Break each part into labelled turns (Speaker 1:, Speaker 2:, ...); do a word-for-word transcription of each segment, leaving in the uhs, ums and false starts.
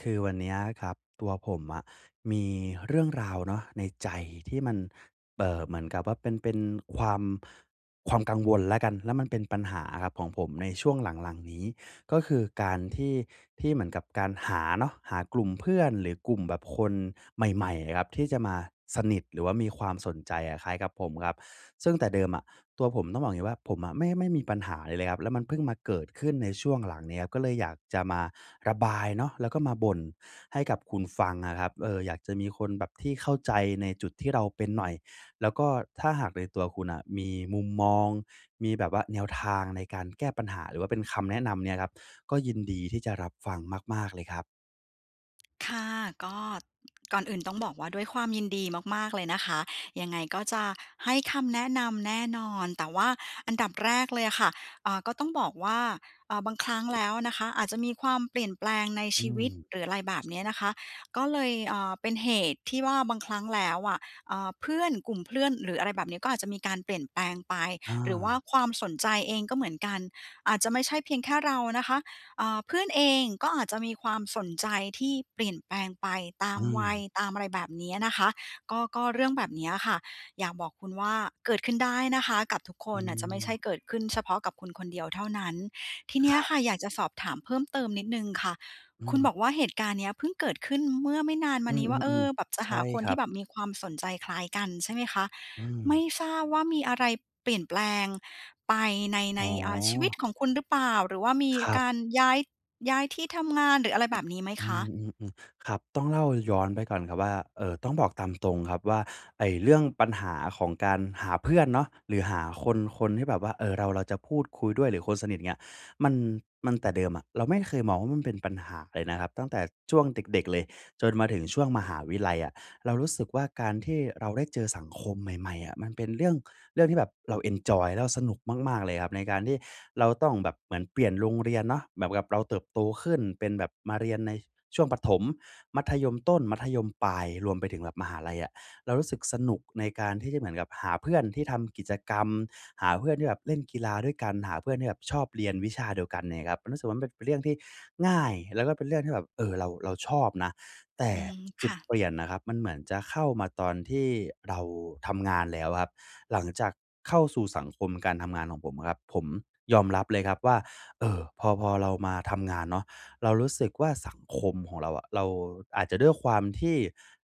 Speaker 1: คือวันเนี้ยอะครับ ตัวผมอะมีเรื่องราวเนาะ ในใจที่มัน เอ่อ เหมือนกับว่าเป็น เป็นความ ความกังวลแล้วกัน แล้วมันเป็นปัญหาอะครับของผม ในช่วงหลัง ๆ นี้ ก็คือการ ที่ ที่เหมือนกับการหาเนาะ หากลุ่มเพื่อน หรือกลุ่มแบบคนใหม่ ๆ อะครับ ที่จะมาสนิท หรือว่ามีความสนใจอะคล้ายกับผมครับ ซึ่งแต่เดิมอะตัวผม ต้องบอกอย่างนี้ว่า ผมอะ ไม่ ไม่มีปัญหาอะไรเลยครับ แล้วมันเพิ่งมาเกิดขึ้นในช่วงหลังเนี้ย ก็เลยอยากจะมาระบายเนาะ แล้วก็มาบ่นให้กับคุณฟังอะครับ เออ อยากจะมีคนแบบที่เข้าใจในจุดที่เราเป็นหน่อย แล้วก็ถ้าหากในตัวคุณอะมีมุมมอง มีแบบว่าแนวทางในการแก้ปัญหา หรือว่าเป็นคำแนะนำเนี่ยครับ ก็ยินดีที่จะรับฟังมาก ๆ เลยครับ
Speaker 2: ค่ะ ก็ ก่อนอื่นต้องบอกว่าด้วยความยินดีมาก ๆ เลยนะคะ ยังไงก็จะให้คำแนะนำแน่นอน แต่ว่าอันดับแรกเลยอะค่ะ อ่า ก็ต้องบอกว่า อา บางครั้งแล้วนะคะ อาจจะมีความเปลี่ยนแปลงใน
Speaker 1: อ
Speaker 2: ช
Speaker 1: ื
Speaker 2: ีว
Speaker 1: ม
Speaker 2: ิต หรืออะไรแบบเนี้ยนะคะ ก็เลย เอ่อ เป็นเหตุที่ว่าบางครั้งแล้วอะ เอ่อ เพื่อน กลุ่มเพื่อน หรืออะไรแบบนี้ ก็อาจจะมีการเปลี่ยนแปลงไป
Speaker 1: อ
Speaker 2: หรือว่า
Speaker 1: า
Speaker 2: ความสนใจเองก็เหมือนกัน อาจจะไม่ใช่เพียงแค่เรานะคะ อ่า เพื่อนเองก็อาจจะมีความสนใจที่เปลี่ยนแปลงไปตา
Speaker 1: เ
Speaker 2: มวัย
Speaker 1: ออ
Speaker 2: ตามอะไรแบบเนี้ยนะคะ ก็ ก็เรื่องแบบเนี้ยอะค่ะ อยากบอกคุณว่า เกิดขึ้นได้นะคะกับทุกค
Speaker 1: อื
Speaker 2: นอะ จะไม่ใช่
Speaker 1: ม
Speaker 2: เกิดขึ้นเฉพาะกับคุณคนเดียวเท่านั้น ทีเนี้
Speaker 1: ค
Speaker 2: ย
Speaker 1: ร
Speaker 2: อ
Speaker 1: ั
Speaker 2: ะ
Speaker 1: บ
Speaker 2: ค่ะ อยากจะสอบถามเพิ่มเติมนิดหนึ่งค่ะ
Speaker 1: อื
Speaker 2: คุณบ
Speaker 1: ม
Speaker 2: อกว่าเหตุการณ์เนี้ยพึ่งเกิดขึ้นเมื่อไม่นานม
Speaker 1: อื
Speaker 2: านี้ว่า เอ
Speaker 1: ม
Speaker 2: อ แบ
Speaker 1: ๆ
Speaker 2: บจะ
Speaker 1: ๆ ใช
Speaker 2: ห
Speaker 1: ่
Speaker 2: าคน
Speaker 1: คร
Speaker 2: ท
Speaker 1: ั
Speaker 2: ี่
Speaker 1: บ
Speaker 2: แบบมีความสนใจคล้ายกัน ใช่ไหมคะ
Speaker 1: อื
Speaker 2: ไม่
Speaker 1: ม
Speaker 2: ทราบว่ามีอะไรเปลี่ยนแปลงไปใน ใ
Speaker 1: อ
Speaker 2: น
Speaker 1: ๋
Speaker 2: อา ชีวิต
Speaker 1: อ
Speaker 2: ของคุณหรือเปล่า? หรือว่ามี
Speaker 1: ครั
Speaker 2: ก
Speaker 1: บ
Speaker 2: ารย้าย ย้ายที่ทำงาน หรืออะไรแบบนี้ไหม
Speaker 1: อื
Speaker 2: คะ?
Speaker 1: ม ๆ ๆ ครับ ต้องเล่าย้อนไปก่อนครับว่า เอ่อ ต้องบอกตามตรงครับว่า ไอ้เรื่องปัญหาของการหาเพื่อนเนาะ หรือหา คน คนที่แบบว่า เออ เรา เราจะพูดคุยด้วย หรือคนสนิท เงี้ย มัน มัน แต่เดิมอะเราไม่เคยมองว่า มันเป็นปัญหาเลยนะครับ ตั้งแต่ช่วงเด็ก ๆ เลย จนมาถึงช่วงมหาวิทยาลัยอะ เรารู้สึกว่า การที่เราได้เจอสังคมใหม่ ๆ อะ มันเป็น เรื่อง เรื่องที่แบบเราเอนจอย แล้วเราสนุกมาก ๆ เลยครับ ในการที่เราต้องแบบเหมือนเปลี่ยนโรงเรียนเนาะ แบบ แบบเราเติบโตขึ้น เป็นแบบมาเรียนใน ช ช่วงประถม มัธยมต้น มัธยมปลาย รวมไปถึงแบบมหาลัยอะ เรารู้สึกสนุกในการที่จะเหมือนกับหาเพื่อนที่ทำกิจกรรม หาเพื่อนที่แบบเล่นกีฬาด้วยกัน หาเพื่อนที่แบบชอบเรียนวิชาเดียวกันเนี่ยครับ มันรู้สึกว่ามันเป็นเรื่องที่ง่าย แล้วก็เป็นเรื่องที่แบบ เออ เรา เราชอบนะ แต่
Speaker 2: อืม
Speaker 1: จ
Speaker 2: ค
Speaker 1: ุด
Speaker 2: ่ะ
Speaker 1: เปลี่ยนน่ะครับ มันเหมือนจะเข้ามาตอนที่เราทำงานแล้วครับ หลังจากเข้าสู่สังคมการทำงานของผมครับ ผมยอมรับเลยครับว่า เออ พอ พอเรามาทำงานเนาะ เรารู้สึกว่าสังคมของเราอะ เรา อาจจะด้วยความที่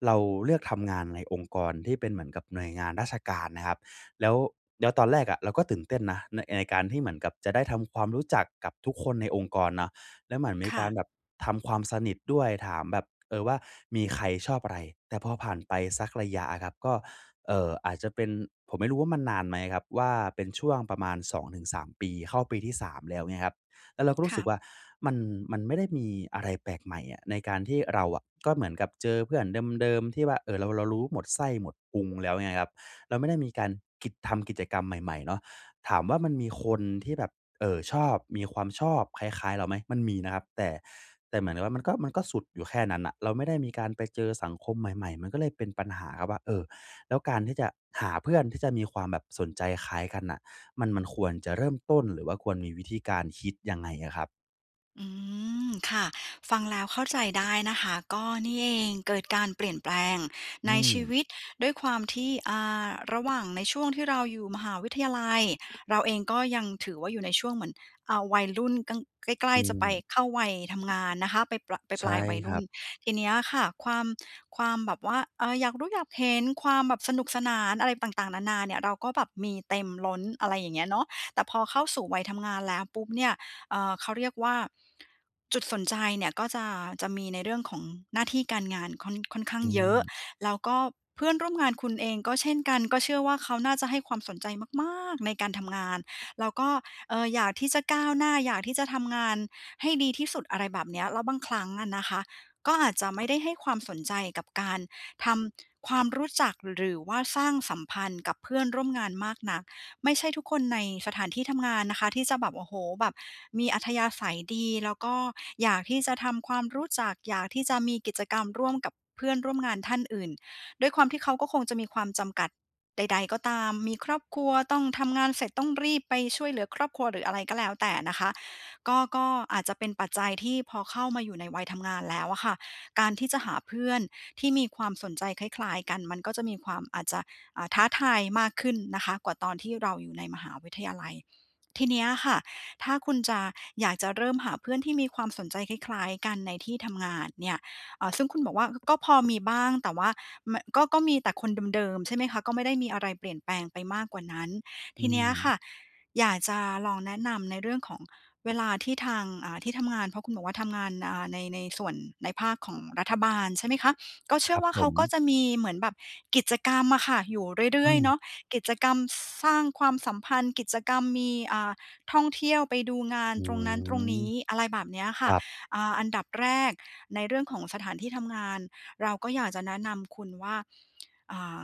Speaker 1: เราเลือกทำงานในองค์กรที่เป็นเหมือนกับหน่วยงานราชการนะครับ แล้ว แล้วตอนแรกอะเราก็ตื่นเต้นนะ น ในการที่เหมือนกับจะได้ทำความรู้จักกับทุกคนในองค์กรเนาะ แล้วเหมือนมี
Speaker 2: ค
Speaker 1: ก
Speaker 2: ่
Speaker 1: า
Speaker 2: ะ
Speaker 1: รแบบทำความสนิทด้วย ถามแบบ เออ ว่ามีใครชอบอะไร? แต่พอผ่านไปสักระยะอะครับ ก็ เอ่อ อาจจะเป็น ผมไม่รู้ว่ามันนานไหมครับว่า เป็นช่วงประมาณ สองถึงสาม ปี เข้าปีที่ สาม แล้ว เงี้ยครับ แล้วเราก็รู
Speaker 2: ค
Speaker 1: ้ส
Speaker 2: ่
Speaker 1: ึก
Speaker 2: ะ
Speaker 1: ว่า มัน มันไม่ได้มีอะไรแปลกใหม่อะ ในการที่เราอะ ก็เหมือนกับเจอเพื่อนเดิม ๆ ที่ว่า เอ่อ เรา เรารู้หมดไส้หมดพุงแล้วไงครับ เราไม่ได้มีการกิจ ทำกิจกรรมใหม่ ๆ เนาะ ถามว่ามันมีคนที่แบบ เอ่อ ชอบ มีความชอบคล้าย ๆ เราไหม? มันมีนะครับ แต่ แต่เหมือนกับว่า มันก็ มันก็สุดอยู่แค่นั้นน่ะ เราไม่ได้มีการไปเจอสังคมใหม่ ๆ มันก็เลยเป็นปัญหาครับว่า เออ แล้วการที่จะหาเพื่อนที่จะมีความแบบสนใจคล้ายกันน่ะ มัน มันควรจะเริ่มต้น หรือว่าควรมีวิธีการคิดยังไงอะครับ?
Speaker 2: อืม ค่ะ ฟังแล้วเข้าใจได้นะคะ ก็นี่เอง เกิดการเปลี่ยนแปลง
Speaker 1: อื
Speaker 2: ในชี
Speaker 1: ม
Speaker 2: วิต ด้วยความที่ อ่า ระหว่างในช่วงที่เราอยู่มหาวิทยาลัย เราเองก็ยังถือว่าอยู่ในช่วงเหมือน อ่า วัยรุ่นกลาง ใกล
Speaker 1: อ
Speaker 2: ้
Speaker 1: ื
Speaker 2: ๆ จะไป
Speaker 1: ม
Speaker 2: เข้าวัยทำงานนะคะ ไปปลา
Speaker 1: ใช
Speaker 2: ป
Speaker 1: ่
Speaker 2: ลาย ๆ วัย
Speaker 1: ค
Speaker 2: ร
Speaker 1: ร
Speaker 2: ุ่
Speaker 1: ั
Speaker 2: น
Speaker 1: บ
Speaker 2: ทีเนี้ยค่ะ ความ ความแบบว่า เอ่อ อยากรู้อยากเห็น ความแบบสนุกสนานอะไรต่าง ๆ นานา เนี่ย เราก็แบบมีเต็มล้น อะไรอย่างเงี้ยเนาะ แต่พอเข้าสู่วัยทำงานแล้วปุ๊บเนี่ย เอ่อ เขาเรียกว่า จุดสนใจเนี่ยก็จะ จะมีในเรื่องของหน้าที่การงานค่อน ค่อนข้า
Speaker 1: อ
Speaker 2: ง
Speaker 1: ื
Speaker 2: เยอะ
Speaker 1: ม
Speaker 2: แล้วก็เพื่อนร่วมงานคุณเองก็เช่นกัน ก็เชื่อว่าเขาน่าจะให้ความสนใจมากม้ากในการทำงาน แล้วก็ เอ่อ อยากที่จะก้าวหน้า อยากที่จะทำงานให้ดีที่สุด อะไรแบบเนี้ย แล้วบางครั้งอะนะคะ ก็อาจจะไม่ได้ให้ความสนใจกับ การทำความรู้จัก หรือว่าสร้างสัมพันธ์กับเพื่อนร่วมงานมากนัก ไม่ใช่ทุกคนในสถานที่ทำงานนะคะ ที่จะแบบ โอ้โฮ แบบมีอัธยาศัยดี แล้วก็อยากที่จะทำความรู้จัก อยากที่จะมีกิจกรรมร่วมกับเพื่อนร่วมงานท่านอื่น ด้วยความที่เขาก็คงจะมีความจำกัดใด ๆ ก็ตาม มีครอบครัว ต้องทำงานเสร็จ ต้องรีบไปช่วยเหลือครอบครัว หรืออะไรก็แล้วแต่นะคะ ก็ ก็อาจจะเป็นปัจจัยที่พอเข้ามาอยู่ในวัยทำงานแล้วอะค่ะ การที่จะหาเพื่อนที่มีความสนใจคล้าย ๆ กัน มันก็จะมีความ อาจจะ อ่า ท้าทายมากขึ้นนะคะ กว่าตอนที่เราอยู่ในมหาวิทยาลัย ทีเนี้ยค่ะ ถ้าคุณจะ อยากจะเริ่มหาเพื่อนที่มีความสนใจคล้าย ๆ กันในที่ทำงานเนี่ย เอ่อ ซึ่งคุณบอกว่าก็พอมีบ้าง แต่ว่าไม่ ก็ ก็มีแต่คนเดิม ๆ ใช่ไหมคะ ก็ไม่ได้มีอะไรเปลี่ยนแปลงไปมากกว่านั้น
Speaker 1: อ
Speaker 2: ท
Speaker 1: ื
Speaker 2: ีเนี้ยค
Speaker 1: ม
Speaker 2: ่ะ อยากจะลองแนะนำในเรื่องของเวลาที่ทาง อ่า ที่ทำงาน เพราะคุณบอกว่าทำงาน อ่า ใน ในส่วน ในภาคของรัฐบาล ใช่ไหมคะ ก็เช
Speaker 1: ค
Speaker 2: ื่
Speaker 1: ร
Speaker 2: อ
Speaker 1: ับ
Speaker 2: ว่า
Speaker 1: ผ
Speaker 2: เขาก็
Speaker 1: ม
Speaker 2: จะมีเหมือนแบบกิจกรรมอะค่ะอยู่เรื
Speaker 1: อ
Speaker 2: ่
Speaker 1: ื
Speaker 2: อย ๆ เ
Speaker 1: ม
Speaker 2: นาะ กิจกรรม ส สร้างความสัมพันธ์ กิจกรรมมี อ่า ท่องเที่ยวไปดูงาน
Speaker 1: อื
Speaker 2: ตรงนั้นตรงน
Speaker 1: ม
Speaker 2: ี้ อะไรแบบเนี้ยค
Speaker 1: ค
Speaker 2: ่ะ
Speaker 1: รับ
Speaker 2: อ่า อันดับแรกในเรื่องของสถานที่ทำงาน เราก็อยากจะแนะนำคุณว่า อ่า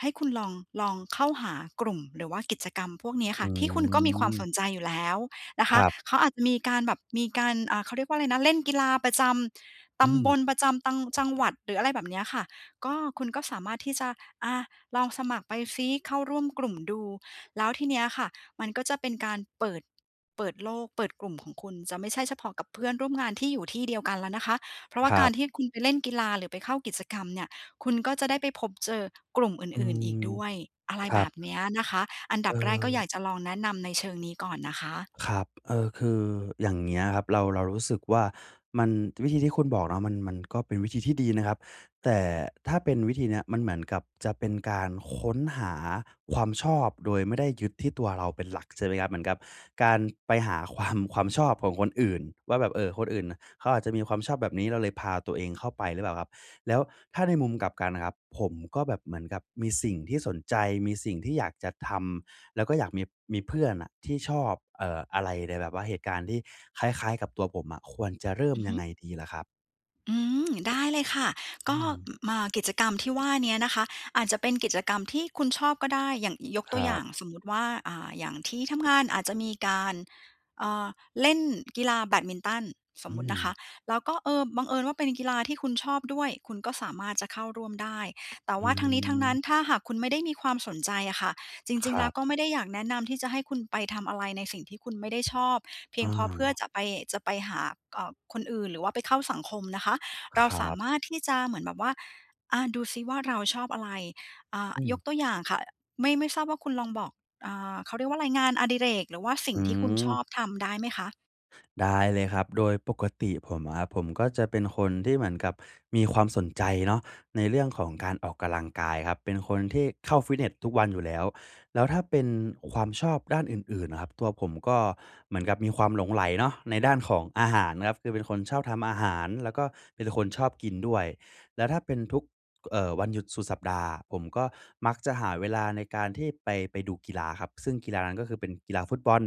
Speaker 2: ให้คุณลอง ลองเข้าหากลุ่ม หรือว่ากิจกรรมพวกนี้
Speaker 1: อ
Speaker 2: ค่ะ ที่คุณก็มีความส
Speaker 1: ืม
Speaker 2: นใจอยู่แล้วนะค
Speaker 1: ค
Speaker 2: ะ
Speaker 1: รับ
Speaker 2: เขาอาจจะมีการแบบ มีการ อ่า เขาเรียกว่าอะไรนะ เล่นกีฬาประจำ
Speaker 1: อ
Speaker 2: ต
Speaker 1: ื
Speaker 2: ำบ
Speaker 1: ม
Speaker 2: ล ประจำตัง จังหวัด หรืออะไรแบบเนี้ยค่ะ ก็คุณก็สามารถที่จะ อะ ลองสมัครไปสิ เข้าร่วมกลุ่มดู แล้วทีเนี้ยค่ะ มันก็จะเป็นการเปิด เปิดโลก เปิดกลุ่มของคุณ จะไม่ใช่เฉพาะกับเพื่อนร่วมงานที่อยู่ที่เดียวกันแล้วนะคะ เพราะว่
Speaker 1: ค
Speaker 2: า
Speaker 1: ร
Speaker 2: ก
Speaker 1: ั
Speaker 2: าร
Speaker 1: บ
Speaker 2: ที่คุณไปเล่นกีฬา หรือไปเข้ากิจกรรมเนี่ย คุณก็จะได้ไปพบเจอกลุ่มอ
Speaker 1: อื
Speaker 2: ื่น ๆ อ
Speaker 1: ม
Speaker 2: ีกด้วย อะไร
Speaker 1: คร
Speaker 2: แ
Speaker 1: ั
Speaker 2: บ
Speaker 1: บ
Speaker 2: บเนี้ยนะคะ อัน
Speaker 1: เ
Speaker 2: ด
Speaker 1: อ
Speaker 2: ับแรกก็อย
Speaker 1: อ
Speaker 2: ากจะลองแนะนำในเชิงนี้ก่อนนะคะ
Speaker 1: ครับ เอ่อ คืออย่างเงี้ยครับ เรา เรารู้สึกว่า มัน วิธีที่คุณบอกเนาะ มัน มันก็เป็นวิธีที่ดีนะครับ แต่ถ้าเป็นวิธีเนี้ย มันเหมือนกับจะเป็นการค้นหาความชอบ โดยไม่ได้ยึดที่ตัวเราเป็นหลัก ใช่ไหมครับ เหมือนกับการไปหา ความ ความชอบของคนอื่น ว่าแบบ เออ คนอื่นเขาอาจจะมีความชอบแบบนี้ เราเลยพาตัวเองเข้าไปหรือเปล่าครับ? แล้วถ้าในมุมกลับกันน่ะครับ ผมก็แบบเหมือนกับมีสิ่งที่สนใจ มีสิ่งที่อยากจะทำ แล้วก็อยากมี มีเพื่อนน่ะ ที่ชอบ เอ่อ อะไรในแบบว่าเหตุการณ์ที่คล้าย ๆ กับตัวผมอะ ควรจะเริ่
Speaker 2: อ
Speaker 1: ม
Speaker 2: ือ
Speaker 1: ย
Speaker 2: ฮ
Speaker 1: ัง
Speaker 2: ึ
Speaker 1: ไงดีล่ะครับ?
Speaker 2: อืม ได้เลยค่ะ
Speaker 1: อ
Speaker 2: ก
Speaker 1: ื
Speaker 2: ็ อ
Speaker 1: ม
Speaker 2: มา กิจกรรมที่ว่าเนี้ยนะคะ อาจจะเป็นกิจกรรมที่คุณชอบก็ได้ อย่าง ย ยกต
Speaker 1: ค
Speaker 2: ัว
Speaker 1: ร
Speaker 2: อย
Speaker 1: ั
Speaker 2: ่า
Speaker 1: บ
Speaker 2: ง สมมติว่า อ่า อย่างที่ทำงาน อาจจะมีการ เอ่อ เล่นกีฬาแบดมินตัน ส
Speaker 1: อื
Speaker 2: มมตินะคะ
Speaker 1: ม
Speaker 2: แล้วก็ เออ บังเอิญว่าเป็นกีฬาที่คุณชอบด้วย คุณก็สามารถจะเข้าร่วมได้ แต่
Speaker 1: อื
Speaker 2: ว่าทั้งนี้ทั้งนั้
Speaker 1: อ
Speaker 2: น ถ้าหากคุณไม่ได้มีความสนใจอะค่ะ จร
Speaker 1: ค
Speaker 2: ิง
Speaker 1: ร
Speaker 2: ๆ แล
Speaker 1: ั
Speaker 2: ้ว
Speaker 1: บ
Speaker 2: ก็ไม่ได้อยากแนะนำที่จะให้คุณไปทำอะไรในสิ่งที่คุณไม่ได้ชอบ เพี
Speaker 1: อ
Speaker 2: ยงเพราะเพื่อ
Speaker 1: า
Speaker 2: จะไป จะไปหา เอ่อ คนอื่น หรือว่าไปเข้าสังคมนะคะ เร
Speaker 1: ค
Speaker 2: า
Speaker 1: รั
Speaker 2: สา
Speaker 1: บ
Speaker 2: มารถที่จะเหมือนแบบว่า อ่า ดูซิว่าเราชอบอะไร อ่า
Speaker 1: อ
Speaker 2: ย
Speaker 1: ืม
Speaker 2: กตัวอย่างค่ะ อ ไม่ ไม่ทราบว่าคุณลองบอก อ่า เขาเรียกว่าอะไร งานอดิเรก หรือว่าสิ่
Speaker 1: อื
Speaker 2: ง
Speaker 1: อ
Speaker 2: ที่คุณชอบทำได้ไหมคะ?
Speaker 1: ได้เลยครับ โดยปกติผมอะครับ ผมก็จะเป็นคนที่เหมือนกับมีความสนใจเนาะ ในเรื่องของการออกกะลังกาย ครับ เป็นคนที่เข้าฟิตเนสทุกวันอยู่แล้ว แล้วถ้าเป็นความชอบด้านอื่น ๆ น่ะครับ ตัวผมก็เหมือนกับมีความหลงใหลเนาะในด้านของอาหารครับ คือเป็นคนชอบทำอาหาร แล้วก็เป็นคนชอบกินด้วย แล้วถ้าเป็นทุก ก เอ่อ วันหยุดสุดสัปดาห์ ผมก็มักจะหาเวลาในการที่ไป ไปดูกีฬาครับ ซึ่งกีฬานั้น ก็คือ เป็นกีฬาฟุตบอล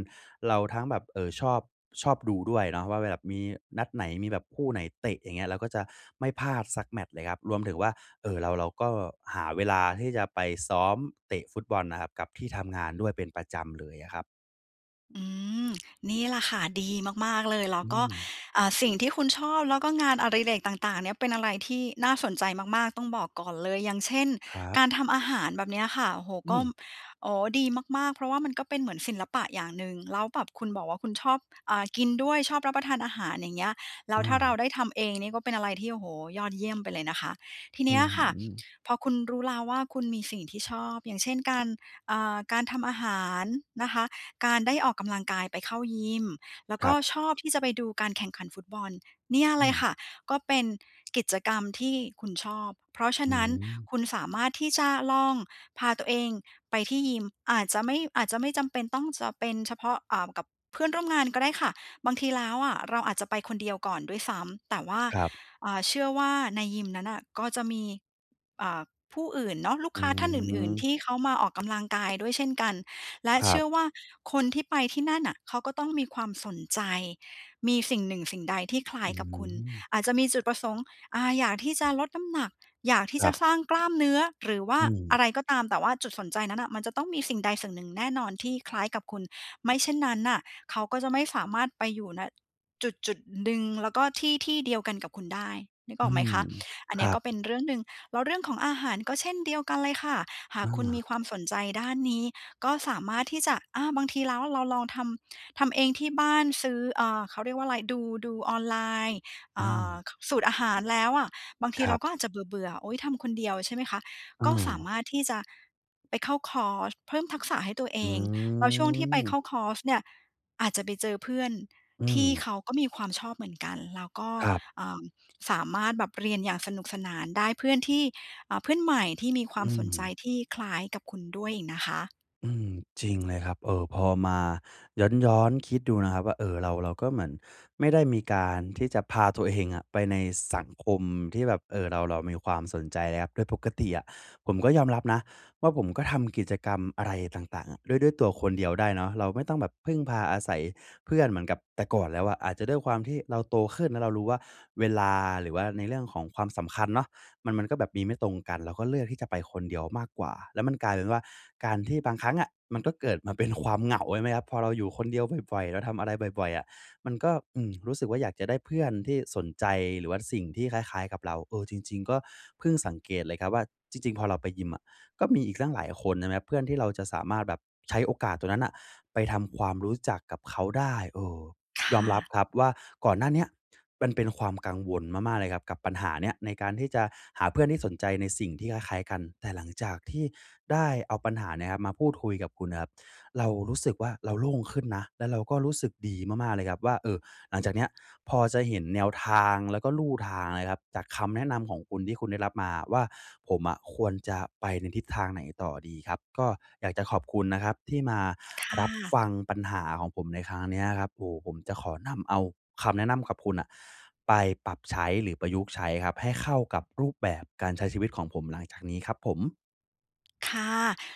Speaker 1: เราทั้งแบบ เอ่อ ชอบ ชอบดูด้วยเนาะว่า แบบมีนัดไหน มีแบบคู่ไหนเตะ อย่างเงี้ย เราก็จะไม่พลาดสักแมตช์เลยครับ รวมถึงว่า เอ่อ เรา เราก็หาเวลาที่จะไปซ้อมเตะฟุตบอลน่ะครับ กับที่ทำงานด้วยเป็นประจำเลยอะครับ
Speaker 2: อืม นี่แหละค่ะ ดีมาก ๆ เลย แล้
Speaker 1: อ
Speaker 2: ว
Speaker 1: ื
Speaker 2: ก็
Speaker 1: ม
Speaker 2: อ่า สิ่งที่คุณชอบ แล้วก็งานอดิเรกต่าง ๆ เนี่ย เป็นอะไรที่น่าสนใจมาก ๆ ต้องบอกก่อนเลย อย่างเช่น
Speaker 1: ครับ
Speaker 2: การทำอาหารแบบนี้อะค่ะ โอ้โฮ
Speaker 1: อ
Speaker 2: ก
Speaker 1: ื
Speaker 2: ็
Speaker 1: ม
Speaker 2: อ๋อ ดีมาก ๆ เพราะว่ามันก็เป็นเหมือนศิลปะอย่างหนึ่ง แล้วแบบคุณบอกว่าคุณชอบ อ่า กินด้วย ชอบรับประทานอาหาร อย่างเงี้ย แล
Speaker 1: อ
Speaker 2: ้
Speaker 1: ื
Speaker 2: วถ้าเรา
Speaker 1: ม
Speaker 2: ได้ทำเองนี่ก็เป็นอะไรที่ โอ้โฮ ยอดเยี่ยมไปเลยนะคะ ที
Speaker 1: อ
Speaker 2: น
Speaker 1: ื้
Speaker 2: ี้
Speaker 1: อ
Speaker 2: อะค่ะ
Speaker 1: ฮือ
Speaker 2: พอคุณรู้แล้วว่า คุณมีสิ่งที่ชอบ อย่างเช่น การ อา การทำอาหารนะคะ การได้ออกกำลังกาย ไปเข้ายิม แล้ว
Speaker 1: ค
Speaker 2: ก
Speaker 1: ร
Speaker 2: ็
Speaker 1: ับ
Speaker 2: ชอบที่จะไปดูการแข่งขันฟุตบอล เนี่ย
Speaker 1: อ
Speaker 2: เล
Speaker 1: ื
Speaker 2: ยค
Speaker 1: ม
Speaker 2: ่ะ ก็เป็นกิจกรรมที่คุณชอบ เพราะฉ
Speaker 1: อ
Speaker 2: ะ
Speaker 1: ื
Speaker 2: นั้น
Speaker 1: ม
Speaker 2: คุณสามารถที่จะลองพาตัวเองไปที่ยิม อาจจะไม่ อาจจะไม่จำเป็นต้องจะเป็นเฉพาะ อ่า กับเพื่อนร่วมงานก็ได้ค่ะ บางทีแล้วอะ เราอาจจะไปคนเดียวก่อนด้วยซ้ำ แต่ว่า
Speaker 1: ครับ
Speaker 2: อ่า เชื่อว่าในยิมนั้นน่ะก็จะมี อ่า ผู้อื่นเนาะ ลูก
Speaker 1: อื
Speaker 2: ค้าท่านอื่น ๆ ท
Speaker 1: ม
Speaker 2: ี่เขามาออกกำลังกายด้วยเช่นกัน และ
Speaker 1: คร
Speaker 2: เช
Speaker 1: ั
Speaker 2: ื
Speaker 1: บ
Speaker 2: ่อว่าคนที่ไปที่นั่นน่ะ เขาก็ต้องมีความสนใจ มีสิ่งหนึ่งสิ่งใดที่คล้า
Speaker 1: อ
Speaker 2: ย
Speaker 1: ื้
Speaker 2: ก
Speaker 1: อ
Speaker 2: ับ
Speaker 1: ฮ
Speaker 2: ค
Speaker 1: ื
Speaker 2: ุณ
Speaker 1: อ
Speaker 2: อาจจะมีจุดประสงค์ อา อยากที่จะลดน้ำหนัก อยากที่
Speaker 1: คร
Speaker 2: จ
Speaker 1: ั
Speaker 2: ะ
Speaker 1: บ
Speaker 2: สร้างกล้ามเนื้อ หรือว่า
Speaker 1: อื
Speaker 2: อ
Speaker 1: ม
Speaker 2: ะไรก็ตาม แต่ว่าจุดสนใจนั้นน่ะ มันจะต้องมีสิ่งใดสิ่งหนึ่งแน่นอนที่คล้ายกับคุณ ไม่เช่นนั้นน่ะ เขาก็จะไม่สามารถไปอยู่ ณ จุดจุดหนึ่งแล้วก็ที่ที่เดียวกันกับคุณได้ นึก
Speaker 1: อ
Speaker 2: อ
Speaker 1: ื
Speaker 2: อกไหม
Speaker 1: ม
Speaker 2: คะ? อั
Speaker 1: ค
Speaker 2: นเนี้
Speaker 1: รั
Speaker 2: ยก็
Speaker 1: บ
Speaker 2: เป็นเรื่องหนึ่ง แล้วเรื่องของอาหารก็เช่นเดียวกันเลยค่ะ หา
Speaker 1: อ
Speaker 2: กคุณ
Speaker 1: า
Speaker 2: มีความสนใจด้านนี้ ก็สามารถที่จะ อา บางทีแล้วเราลองทำ ทำเองที่บ้าน ซื้อ อา เขาเรียกว่าอะไร ดู ดูออนไลน์ อ
Speaker 1: อ
Speaker 2: ่
Speaker 1: า
Speaker 2: า สูตรอาหารแล้วอะ บางที
Speaker 1: คร
Speaker 2: เร
Speaker 1: ั
Speaker 2: า
Speaker 1: บ
Speaker 2: ก็อาจจะเบื่อ ๆ โอ๊ย ทำคนเดียว ใช่ไหมคะ
Speaker 1: อ
Speaker 2: ก็สา
Speaker 1: า
Speaker 2: มารถที่จะไปเข้าคอร์สเพิ่มทักษะให้ตัวเอ
Speaker 1: อื
Speaker 2: ง แล้วช่วงที่ไป
Speaker 1: ม
Speaker 2: เข้าคอร์สเนี่ย อาจจะไปเจอเพื่อน
Speaker 1: อื
Speaker 2: ที่
Speaker 1: ม
Speaker 2: เขาก็มีความชอบเหมือนกัน แล้วก็
Speaker 1: ครับ
Speaker 2: เอ่อ สามารถแบบเรียนอย่างสนุกสนาน ได้เพื่อนที่ อา เพื่อนใหม่ที่มีคว
Speaker 1: อ
Speaker 2: าม
Speaker 1: ื
Speaker 2: สนใจ
Speaker 1: ม
Speaker 2: ที่คล้ายกับคุณด้วยอีกนะคะ
Speaker 1: อืม จริงเลยครับ เออ พอมาย้อน ๆ คิดดูนะครับว่า เออ เรา เราก็เหมือนไม่ได้มีการที่จะพาตัวเองอะไปในสังคมที่แบบ เออ เรา เรามีความสนใจเลยครับ โดยปกติอะ ผมก็ยอมรับนะว่าผมก็ทำกิจกรรมอะไรต่าง ๆ อะ ด้วย ด้วยตัวคนเดียวได้เนาะ เราไม่ต้องแบบพึ่งพาอาศัยเพื่อน เหมือนกับแต่ก่อนแล้วอะ อาจจะด้วยความที่เราโตขึ้น แล้วเรารู้ว่าเวลาหรือว่าในเรื่องของความสำคัญเนาะ มัน มันก็แบบมีไม่ตรงกัน เราก็เลือกที่จะไปคนเดียวมากกว่า แล้วมันกลายเป็นว่า การที่บางครั้งอะ มันก็เกิดมาเป็นความเหงา ใช่ไหมครับ พอเราอยู่คนเดียวบ่อย ๆ เราทำอะไรบ่อย ๆ อะ มันก็ อืม รู้สึกว่าอยากจะได้เพื่อนที่สนใจ หรือว่าสิ่งที่คล้าย ๆ กับเรา เออ จริง ๆ ก็เพิ่งสังเกตเลยครับว่า จริง ๆ พอเราไปยิมอะ ก็มีอีกตั้งหลายคน ใช่ไหมครับ เพื่อนที่เราจะสามารถแบบใช้โอกาสตรงนั้นน่ะไปทำความรู้จักกับเขาได้ เออ
Speaker 2: ค
Speaker 1: ยอม
Speaker 2: ่
Speaker 1: รับ
Speaker 2: ะ
Speaker 1: ครับว่า ก่อนหน้าเนี้ยมันเป็นความกังวลมาก ๆ เลยครับ กับปัญหาเนี้ย การที่จะหาเพื่อนที่สนใจในสิ่งที่คล้าย ๆ กัน แต่หลังจากที่ได้เอาปัญหาเนี่ยนะครับ มาพูดคุยกับคุณนะครับ เรารู้สึกว่า เราโล่งขึ้นนะ แล้วเราก็รู้สึกดีมาก ๆ เลยครับว่า เออ หลังจากเนี้ยพอจะเห็นแนวทางแล้วก็ลู่ทางนะครับ จากคำแนะนำของคุณที่คุณได้รับมาว่า ผมอะควรจะไปในทิศทางไหนต่อดีครับ ก็อยากจะขอบคุณนะครับ ที่มา
Speaker 2: ค่
Speaker 1: รับฟ
Speaker 2: ะ
Speaker 1: ังปัญหาของผมในครั้งเนี้ยครับ โอ้ ผมจะขอนำเอาคำแนะนำกับคุณอะ ไปปรับใช้หรือประยุกต์ใช้ครับ ให้เข้ากับรูปแบบการใช้ชีวิตของผมหลังจากนี้ครับผม
Speaker 2: ค่ะ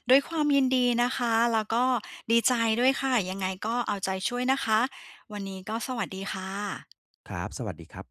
Speaker 2: ด้วยความยินดีนะคะ แล้วก็ดีใจด้วยค่ะ ยังไงก็เอาใจช่วยนะคะ วันนี้ก็สวัสดีค่ะ
Speaker 1: ครับ สวัสดีครับ